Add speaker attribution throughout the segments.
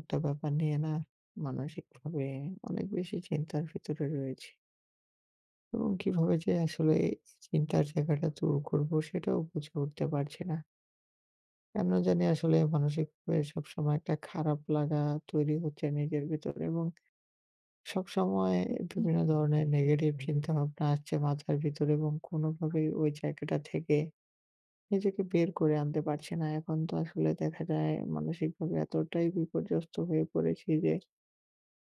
Speaker 1: একটা ব্যাপার নিয়ে না মানসিকভাবে অনেক বেশি চিন্তার ভিতরে রয়েছি। এবং কীভাবে যে আসলে এই চিন্তার জায়গাটা দূর করবো, সেটাও বুঝে উঠতে পারছি না। কেন জানি আসলে মানসিকভাবে সবসময় একটা খারাপ লাগা তৈরি হচ্ছে নিজের ভিতর এবং সবসময়
Speaker 2: হু, হু।
Speaker 1: বিভিন্ন ধরনের নেগেটিভ চিন্তা-ভাবনা আসছে মাথার ভিতরে এবং কোনোভাবেই ওই জায়গাটা থেকে নিজেকে বের করে আনতে পারছি না। এখন তো আসলে দেখা যায় মানসিকভাবে এতটাই বিপর্যস্ত হয়ে পড়েছি যে,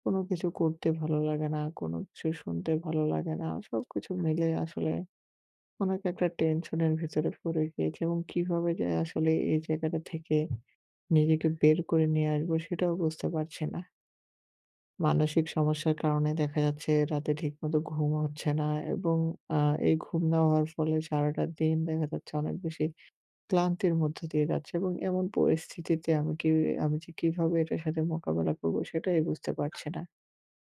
Speaker 1: কোনো কিছু করতে ভালো লাগে না। কোনো কিছু শুনতে ভালো লাগে না। সবকিছু মিলেই আসলে অনেক একটা টেনশনের ভিতরে পড়ে গিয়েছি। এবং কীভাবে যে আসলে এই জায়গাটা থেকে নিজেকে বের করে নিয়ে আসবো, সেটাও বুঝতে পারছি না? মানসিক সমস্যার কারণে দেখা যাচ্ছে রাতে ঠিকমতো ঘুমও হচ্ছে না এবং আ এই ঘুম না হওয়ার ফলে সারাটা দিন দেখা যাচ্ছে অনেক বেশি ক্লান্তির মধ্য দিয়ে যাচ্ছে। এবং এমন পরিস্থিতিতে আমি কি আমি যে কীভাবে এটার সাথে মোকাবেলা করবো? সেটাই বুঝতে পারছি না।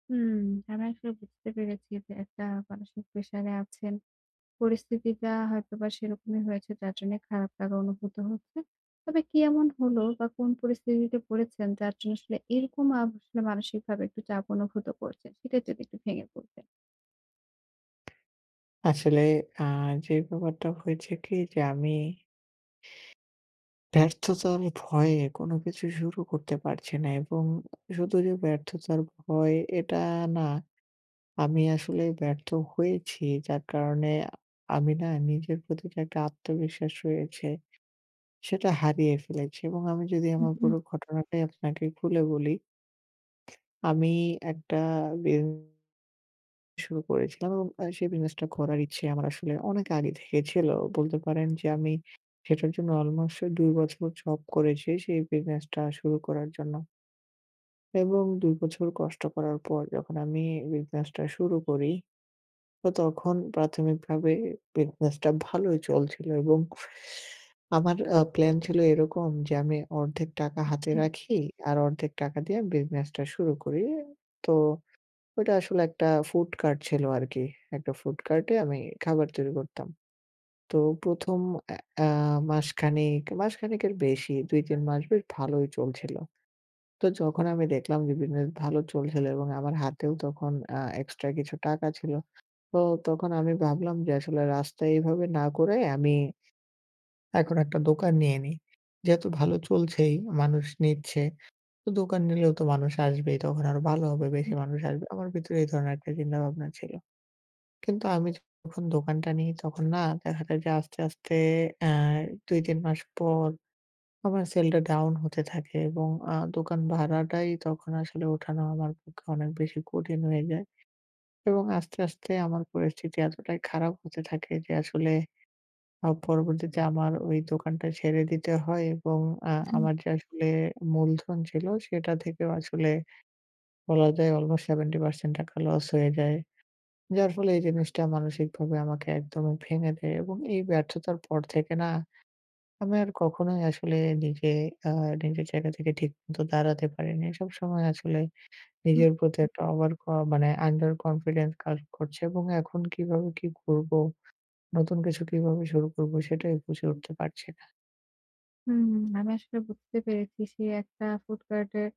Speaker 2: হুম, আমি আসলে বুঝতে পেরেছি যে একটা মানসিক প্রেশারে আছেন। পরিস্থিতিটা হয়তোবা সেরকমই হয়েছে যার জন্যে খারাপ লাগা অনুভূত হচ্ছে। তবে কি এমন হলো বা কোন পরিস্থিতিতে পড়েছেন? যার জন্য আসলে এরকম আব আসলে মানসিকভাবে একটু চাপ অনুভূত করছে। সেটা যদি একটু ভেঙে বলতেন।
Speaker 1: আসলে আ যে ব্যাপারটা হয়েছে কি যে আমি ব্যর্থতা আমি ভয়ে কোনো কিছু শুরু করতে পারছে না এবং শুধু যে ব্যর্থতার ভয় এটা না আমি আসলে ব্যর্থ হয়েছি, যার কারণে আমি না নিজের প্রতি যে একটা আত্মবিশ্বাস রয়েছে, সেটা হারিয়ে ফেলেছি। এবং আমি যদি
Speaker 2: হুম,
Speaker 1: আমার
Speaker 2: হুম।
Speaker 1: পুরো ঘটনাটাই আপনাকে খুলে বলি ...আমি একটা বিউ শুরু করেছিলাম এবং আ সেই বিজনেসটা করার ইচ্ছে আমার আসলে অনেক আগে থেকে ছিল। বলতে পারেন যে আমি সেটার জন্য অলমোস্ট ২ বছর জব করেছি, সেই বিজনেসটা শুরু করার জন্য এবং ২ বছর কষ্ট করার পর যখন আমি বিজনেসটা শুরু করি। তো তখন প্রাথমিকভাবে বিজনেসটা ভালোই চলছিল এবং আমার আ প্লান ছিল এরকম যে আমি অর্ধেক টাকা
Speaker 2: জি।
Speaker 1: হাতে রাখি আর অর্ধেক টাকা দিয়ে বিজনেসটা শুরু করি। তো ওইটা আসলে একটা ফুড কার্ট ছিল আরকি। একটা ফুড কার্টে আমি খাবার তৈরি করতাম। তো ১ম এ আ মাসখানেক, মাসখানেকের বেশি ২-৩ মাস বেশ ভালোই চলছিল। তো যখন আমি দেখলাম যে বিজনেস ভালো চলছিল এবং আমার হাতেও তখন অ্যাঁ এক্সট্রা কিছু টাকা ছিল। তো তখন আমি ভাবলাম যে আসলে রাস্তায় এভাবে না করে, আমি এখন একটা দোকান নিয়ে নি। যেহেতু ভালো চলছেই মানুষ নিচ্ছে। তো দোকান নিলেও তো মানুষ আসবেই। তখন আরো ভালো হবে বেশি
Speaker 2: [unintelligible]
Speaker 1: মানুষ আসবে। আমার ভিতরে এই ধরনের একটা চিন্তা ভাবনা ছিল। কিন্তু আমি তো যখন দোকানটা নি তখন না দেখা যায় যে আস্তে, আস্তে এ ২-৩ মাস পর আমার সেলটা ডাউন হতে থাকে এবং আ দোকান ভাড়াটাই তখন আসলে উঠানো আমার পক্ষে অনেক বেশি কঠিন হয়ে যায়। এবং আস্তে, আস্তে আমার পরিস্থিতি এতটাই খারাপ হতে থাকে যে আসলে আ পরবর্তীতে আমার ওই দোকানটা ছেড়ে দিতে হয় এবং আ
Speaker 2: [unintelligible]
Speaker 1: আমার যে আসলে মূলধন ছিল, সেটা থেকেও আসলে বলা যায় অলমোস্ট 70% টাকা লস হয়ে যায়। যার ফলে এই জিনিসটা মানসিকভাবে আমাকে একদমই ভেঙে দেয় এবং এই ব্যর্থতার পর থেকে না আমি আর কখনোই আসলে নিজে আ নিজের জায়গা থেকে ঠিক মত দাঁড়াতে পারিনি। সবসময় আসলে
Speaker 2: উ
Speaker 1: নিজের প্রতি
Speaker 2: হুম।
Speaker 1: একটা ওভার ক মানে আন্ডার কনফিডেন্স কাজ করছে এবং এখন কিভাবে কি করবো? নতুন কিছু কিভাবে শুরু করবো? সেটাই বুঝে উঠতে পারছি না।
Speaker 2: হুম, আমি আসলে বুঝতে পেরেছি সে একটা ফুড কার্টের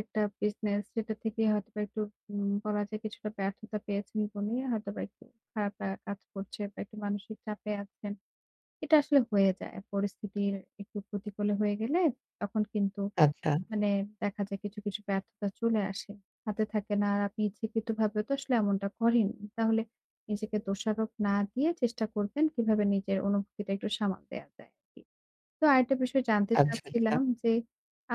Speaker 2: একটা বিজনেস যেটা থেকে হয়তো একটু উম বলা যায় কিছুটা ব্যর্থতা পেয়েছেন বলেই হয়তোবা একটু খারাপ লাগা কাজ করছে বা একটু মানসিক চাপে আছেন। এটা আসলে হয়ে যায়। পরিস্থিতির একটু প্রতিকূলে হয়ে গেলে তখন কিন্তু
Speaker 1: আচ্ছা।
Speaker 2: মানে দেখা যায় কিছু, কিছু ব্যর্থতা চলে আসে। হাতে থাকে না আর আপনি ইচ্ছাকৃতভাবেও তো আসলে এমনটা করেননি। তাহলে নিজেকে দোষারোপ না দিয়ে চেষ্টা করবেন কিভাবে নিজের অনুভূতিটা একটু সামাল দেওয়া যায় আরকি। তো আরেকটা বিষয় জানতে
Speaker 1: আচ্ছা, আচ্ছা।
Speaker 2: চাচ্ছিলাম যে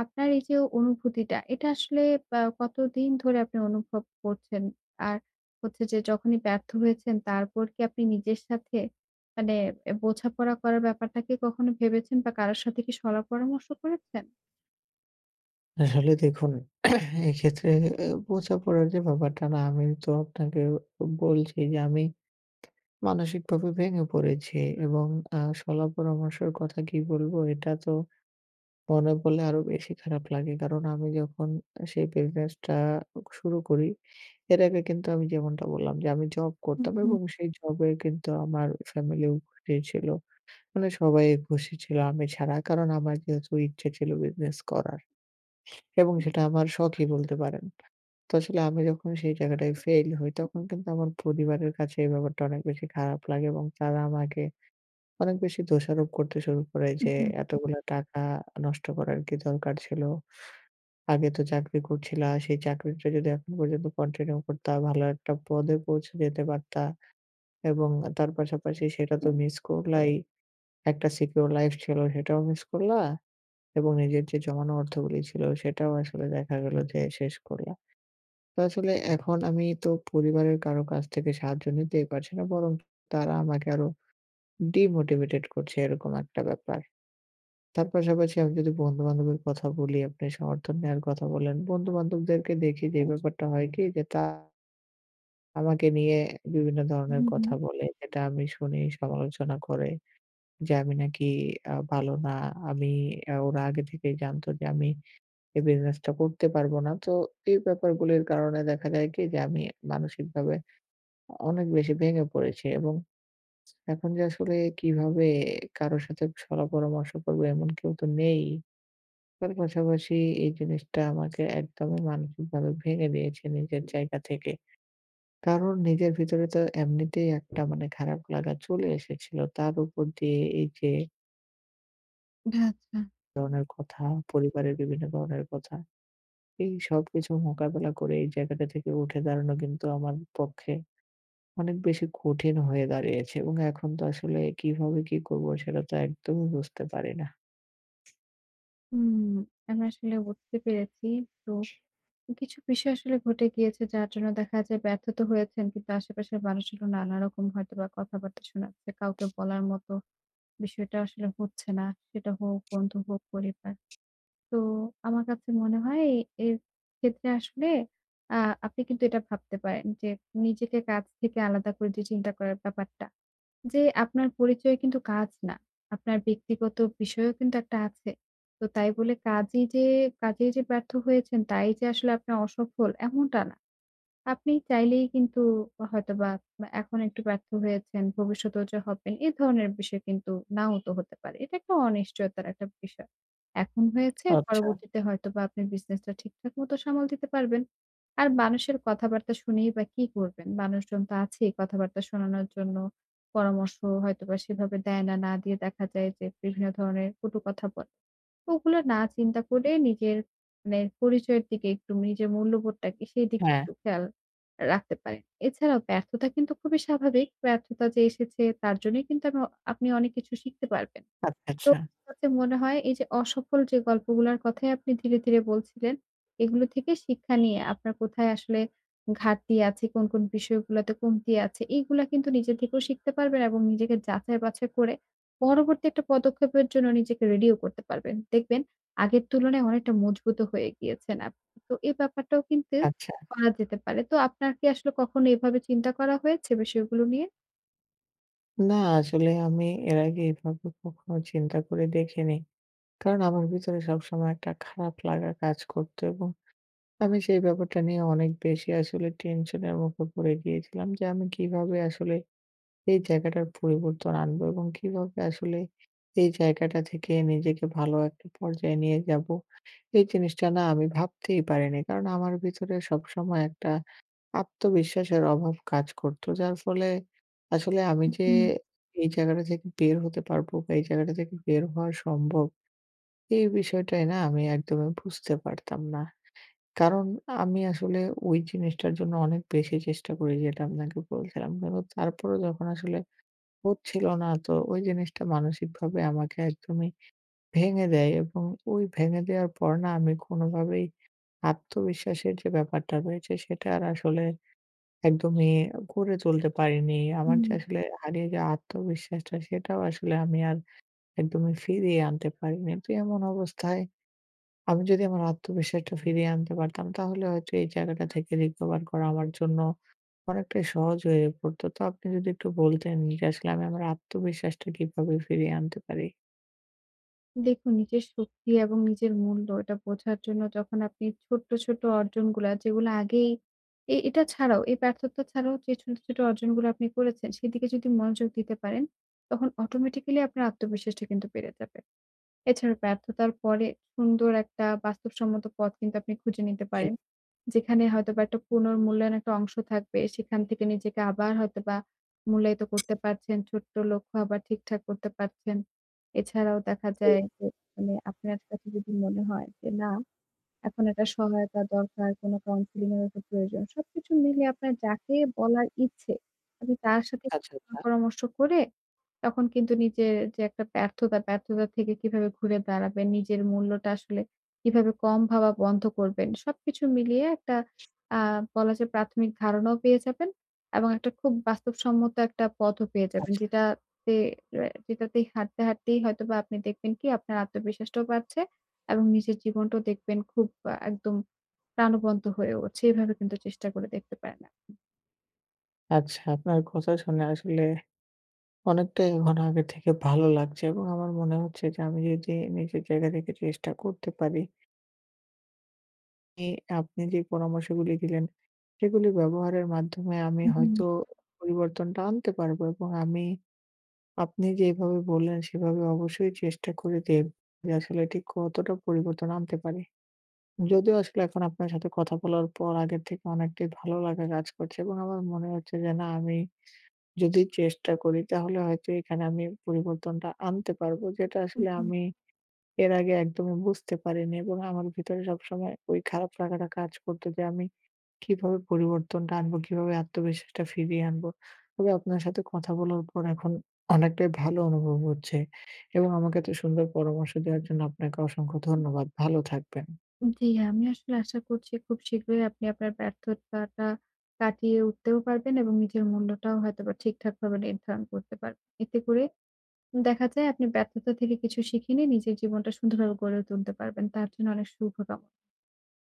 Speaker 2: আপনার এই যে অনুভূতিটা এটা আসলে বা কতদিন ধরে আপনি অনুভব করছেন? আর হচ্ছে যে যখনই ব্যর্থ হয়েছেন তারপর কি আপনি নিজের সাথে মানে অ্যা বোঝাপড়া করার ব্যাপারটাকে কখনো ভেবেছেন বা কারোর সাথে কি শলা-পরামর্শ করেছেন?
Speaker 1: আসলে দেখুন এক্ষেত্রে অ্যা বোঝা পড়ার যে ব্যাপারটা না আমি তো আপনাকে বলছি যে আমি মানসিকভাবে ভেঙে পড়েছি এবং আ শলা পরামর্শের কথা কি বলবো? এটা তো মনে পরলে আরো বেশি খারাপ লাগে। কারণ আমি যখন সেই বিজনেস টা শুরু করি, এর আগে কিন্তু আমি যেমনটা বললাম যে আমি জব
Speaker 2: হুম,
Speaker 1: করতাম
Speaker 2: হুম।
Speaker 1: এবং সেই জবে কিন্তু আমার ফ্যামিলিও খুশি ছিল। মানে সবাই খুশি ছিল আমি ছাড়া। কারণ আমার যেহেতু ইচ্ছে ছিল বিজনেস করার। এবং সেটা আমার শখই বলতে পারেন। তো আসলে আমি যখন সেই জায়গাটায় ফেইল হই, তখন কিন্তু আমার পরিবারের কাছে এই ব্যাপারটা অনেক বেশি খারাপ লাগে এবং তারা আমাকে অনেক বেশি দোষারোপ করতে শুরু করে
Speaker 2: উম
Speaker 1: যে
Speaker 2: হুম, হুম।
Speaker 1: "এতগুলা টাকা নষ্ট করার কি দরকার ছিল? আগে তো চাকরি করছিলা সেই চাকরিটা যদি এখন পর্যন্ত কন্টিনিউ করতা, ভালো একটা পদে পৌঁছে যেতে পারতা এবং তার পাশাপাশি সেটা তো মিস করলাই, একটা সিকিউর লাইফ ছিল সেটাও মিস করলা এবং নিজের যে জমানো অর্থগুলি ছিল সেটাও আসলে দেখা গেল যে শেষ করলা।" তো আসলে এখন আমি তো পরিবারের কারো কাছ থেকে সাহায্য নিতেই পারছি না বরং তারা আমাকে আরো ডিমোটিভেটেড করছে এরকম একটা ব্যাপার। তার পাশাপাশি আমি যদি বন্ধু-বান্ধবের কথা বলি আপনি সমর্থন নেওয়ার কথা বলেন, বন্ধু-বান্ধবদেরকে দেখি যে এই ব্যাপারটা হয় কি যে তা আমাকে নিয়ে বিভিন্ন ধরনের
Speaker 2: হুম,
Speaker 1: কথা
Speaker 2: হুম।
Speaker 1: বলে। এটা আমি শুনি। সমালোচনা করে যে, আমি নাকি আ ভালো না। আমি এ ওরা আগে থেকেই জানত যে আমি এই বিজনেসটা করতে পারবো না। তো এই ব্যাপারগুলির কারণে দেখা যায় কি? যে, আমি মানসিকভাবে আ অনেক বেশি ভেঙে পড়েছি। এবং এখন যে এখন যে আসলে কিভাবে কারো সাথে শলা-পরামর্শ করবো, এমন কেউ তো নেই। তার পাশাপাশি, এই জিনিসটা আমাকে একদমই মানসিকভাবে ভেঙে দিয়েছে নিজের জায়গা থেকে। কারণ, নিজের ভিতরে তো এমনিতেই একটা মানে খারাপ লাগা চলে এসেছিল। তার উপর দিয়ে এইযে
Speaker 2: ভা আচ্ছা।
Speaker 1: এ ধরনের কথা, পরিবারের বিভিন্ন ধরনের কথা। এই সবকিছু মোকাবিলা করে এই জায়গাটা থেকে উঠে দাঁড়ানো কিন্তু আমার পক্ষে অনেক বেশি কঠিন হয়ে দাঁড়িয়েছে। এবং এখন তো আসলে কিভাবে কি করবো, সেটা তো একদমই বুঝতে পারি না।
Speaker 2: উম আমি আসলে বুঝতে পেরেছি। তো কিছু বিষয় আসলে ঘটে গিয়েছে, যার জন্য দেখা যায় ব্যর্থ তো হয়েছেন। কিন্তু আশেপাশের মানুষগুলো নানারকম হয়তোবা কথাবার্তা শোনাচ্ছে। কাউকে বলার মতো বিষয়টা আসলে হচ্ছে না, সেটা হোক বন্ধু, হোক পরিবার। তো আমার কাছে মনে হয়, এ এর ক্ষেত্রে আসলে আ আপনি কিন্তু এটা ভাবতে পারেন যে, নিজেকে কাজ থেকে আলাদা করে দিয়ে চিন্তা করার যে ব্যাপারটা। যে, আপনার পরিচয় কিন্তু কাজ না। আপনার ব্যক্তিগত বিষয়ও কিন্তু একটা আছে। তো তাই বলে, কাজেই যে কাজেই যে ব্যর্থ হয়েছেন, তাই যে আসলে আপনি অসফল, এমনটা না। আপনি চাইলেই কিন্তু হয়তোবা আ এখন একটু ব্যর্থ হয়েছেন। ভবিষ্যতেও যে হবেন, এ ধরনের বিষয় কিন্তু নাও তো হতে পারে। এটা একটা অনিশ্চয়তার একটা বিষয়। এখন হয়েছে,
Speaker 1: আচ্ছা।
Speaker 2: পরবর্তীতে হয়তোবা আপনি বিজনেসটা ঠিকঠাক মতো সামাল দিতে পারবেন। আর মানুষের কথাবার্তা শুনেই বা কি করবেন? মানুষজন তো আছেই কথাবার্তা শোনানোর জন্য। পরামর্শ হয়তোবা সেভাবে দেয় না। না দিয়ে দেখা যায় যে, বিভিন্ন ধরনের কটু কথা বলে। ও ওগুলো না চিন্তা করে নিজের মানে পরিচয়ের দিকে, একটু নিজের মূল্যবোধটাকে, সেই দিকে
Speaker 1: হ্যাঁ।
Speaker 2: একটু খেয়াল আ রাখা যায়। এছাড়াও, ব্যর্থতা কিন্তু খুবই স্বাভাবিক। ব্যর্থতা যে এসেছে, তার জন্যই কিন্তু আমি আপনি অনেক কিছু শিখতে পারবেন।
Speaker 1: আচ্ছা,
Speaker 2: তো
Speaker 1: আচ্ছা।
Speaker 2: [unintelligible] কাছে মনে হয়, এইযে অসফল যে গল্পগুলার কথাই আপনি ধীরে, ধীরে বলছিলেন, এগুলো থেকে শিক্ষা নিয়ে আপনার কোথায় আসলে ঘাটতি আছে, কোন, কোন বিষয়গুলাতে কমতি আছে, এগুলা কিন্তু নিজের থেকেও শিখতে পারবেন। এবং নিজেকে যাচাই বাছাই করে পরবর্তীতে পদক্ষেপের জন্য নিজেকে রেডিও করতে পারবেন। দেখবেন, আগের তুলনায় অনেকটা মজবুতও হয়ে গিয়েছেন আপনি। তো এই ব্যাপারটাও কিন্তু
Speaker 1: আচ্ছা।
Speaker 2: করা যেতে পারে। তো আপনার কি আসলে কখনো এভাবে চিন্তা করা হয়েছে বিষয়গুলো নিয়ে?
Speaker 1: না, আসলে আমি এর আগে এভাবে কখনো চিন্তা করে দেখিনি। কারণ আমার ভিতরে সবসময় একটা খারাপ লাগা কাজ করতো এবং আমি সেই ব্যাপারটা নিয়ে অনেক বেশি আসলে টেনশনের মুখে পড়ে গিয়েছিলাম যে আমি কিভাবে আসলে এই জায়গাটার পরিবর্তন আনবো এবং কীভাবে আসলে এই জায়গাটা থেকে নিজেকে ভালো একটা পর্যায়ে নিয়ে যাব। এই জিনিসটা না, আমি ভাবতেই পারিনি। কারণ আমার ভিতরে সবসময় একটা আত্মবিশ্বাসের অভাব কাজ করতো, যার ফলে আসলে আমি
Speaker 2: উ
Speaker 1: যে
Speaker 2: হু।
Speaker 1: এই জায়গাটা থেকে বের হতে পারবো বা এই জায়গাটা থেকে বের হওয়া সম্ভব, এই বিষয়টাই না আমি একদমই বুঝতে পারতাম না। কারণ আমি আসলে ওই জিনিসটার জন্য অনেক বেশি চেষ্টা করি, যেটা আপনাকে বলছিলাম। কিন্তু তারপরও যখন আসলে হচ্ছিল না, তো ওই জিনিসটা মানসিকভাবে আমাকে একদমই ভেঙে দেয়। এবং ওই ভেঙে দেওয়ার পরে না, আমি কোনভাবেই আত্মবিশ্বাসের যে ব্যাপারটা রয়েছে, সেটা আর আসলে একদমই গড়ে তুলতে পারিনি। আমার যে
Speaker 2: উম
Speaker 1: আসলে হারিয়ে যাওয়া আত্মবিশ্বাসটা, সেটাও আসলে আমি আর একদমই ফিরিয়ে আনতে পারিনি। তো এমন অবস্থায় আমি যদি আমার আত্মবিশ্বাসটা ফিরিয়ে আনতে পারতাম, তাহলে হয়তো এই জায়গাটা থেকে recover করা আমার জন্য অনেকটাই সহজ হয়ে পড়তো। তো আপনি যদি একটু বলতেন, যে আসলে আমি আমার আত্মবিশ্বাসটা কিভাবে ফিরিয়ে আনতে পারি?
Speaker 2: দেখুন, নিজের শক্তি এবং নিজের মূল্য এটা বোঝার জন্য যখন আপনি ছোট্ট, ছোট অর্জনগুলা, যেগুলা আগেই এ এটা ছাড়াও, এই ব্যার্থতা ছাড়াও যে ছোট, ছোট অর্জনগুলা আপনি করেছেন সেদিকে যদি মনোযোগ দিতে পারেন, তখন অটোমেটিক্যালি আপনার আত্মবিশ্বাসটা কিন্তু বেড়ে যাবে। এছাড়াও ব্যার্থতার পরে সুন্দর একটা বাস্তবসম্মত পথ কিন্তু আপনি খুঁজে নিতে
Speaker 1: জি।
Speaker 2: পারেন। যেখানে হয়তোবা একটা পুনর্মূল্যায়ন একটা অংশ থাকবে, সেখান থেকে নিজেকে আবার হয়তোবা মূল্যায়িত করতে পারছেন। ছোট্ট লক্ষ্য আবার ঠিকঠাক করতে পারছেন। এছাড়াও দেখা
Speaker 1: জি।
Speaker 2: যায় যে মানে আপনার কাছে যদি মনে হয় যে, না এখন একটা সহায়তা দরকার, কোন কাউন্সেলিং এর প্রয়োজন। সবকিছু মিলিয়ে আপনার যাকে বলার ইচ্ছে আপনি তার সাথে
Speaker 1: আচ্ছা,
Speaker 2: [unintelligible]
Speaker 1: আচ্ছা।
Speaker 2: পরামর্শ করে তখন কিন্তু নিজের যে একটা ব্যর্থতা, ব্যর্থতা থেকে কিভাবে ঘুরে দাঁড়াবেন? নিজের মূল্যটা আসলে কিভাবে কম ভাবা বন্ধ করবেন? সবকিছু মিলিয়ে একটা আ বলা যায় প্রাথমিক ধারণাও পেয়ে যাবেন। এবং একটা খুব বাস্তবসম্মত একটা পথও পেয়ে যাবেন।
Speaker 1: আচ্ছা।
Speaker 2: যেটাতে রে যেটাতেই হাঁটতে, হাঁটতেই হয়তোবা আপনি দেখবেন কি? আপনার আত্মবিশ্বাসটাও বাড়ছে। এবং নিজের জীবনটাও দেখবেন খুব আ একদম প্রাণবন্ত হয়ে উঠছে। এভাবে কিন্তু চেষ্টা করে দেখতে পারেন আপনি।
Speaker 1: আচ্ছা আপনার কথা শুনে আসলে অনেকটাই মানে আগে থেকে ভালো লাগছে এবং আমার মনে হচ্ছে যে আমি যদি নিজের জায়গা থেকে চেষ্টা করতে পারি এই আপনি যেই পরামর্শগুলি দিলেন। সেগুলি ব্যবহারের মাধ্যমে আমি
Speaker 2: হু, হু।
Speaker 1: হয়তো পরিবর্তনটা আনতে পারবো এবং আমি আপনি যেভাবে বললেন সেভাবে অবশ্যই চেষ্টা করে দেব যে আসলে ঠিক কতটা পরিবর্তন আনতে পারি। যদিও আসলে এখন আপনার সাথে কথা বলার পর আগের থেকে অনেকটাই ভালো লাগা কাজ করছে এবং আমার মনে হচ্ছে যে, না আমি যদি চেষ্টা করি তাহলে হয়তো এখানে আমি পরিবর্তনটা আনতে পারব। যেটা
Speaker 2: উ
Speaker 1: আসলে
Speaker 2: হু।
Speaker 1: আমি এর আগে একদমই বুঝতে পারিনি এবং আমার ভিতরে সবসময় ওই খারাপ লাগাটা কাজ করতো যে আমি কিভাবে পরিবর্তনটা আনবো, কিভাবে আত্মবিশ্বাসটা ফিরিয়ে আনবো। তবে আপনার সাথে কথা বলার পর এখন অনেকটাই ভালো অনুভব হচ্ছে। এবং আমাকে এত সুন্দর পরামর্শ দেওয়ার জন্য আপনাকে অসংখ্য ধন্যবাদ। ভালো থাকবেন।
Speaker 2: জ্বি, আমি আসলে আশা করছি খুব শীঘ্রই আপনি আপনার ব্যর্থতাটা কাটিয়ে উঠতেও পারবেন এবং নিজের মূল্যটাও হয়তোবা ঠিকঠাক ভাবে নির্ধারণ করতে পার এতে করে দেখা যায় আপনি ব্যর্থতা থেকে কিছু শিখে নিয়ে নিজের জীবনটা সুন্দরভাবে গড়ে তুলতে পারবেন। তার জন্য অনেক শুভকাম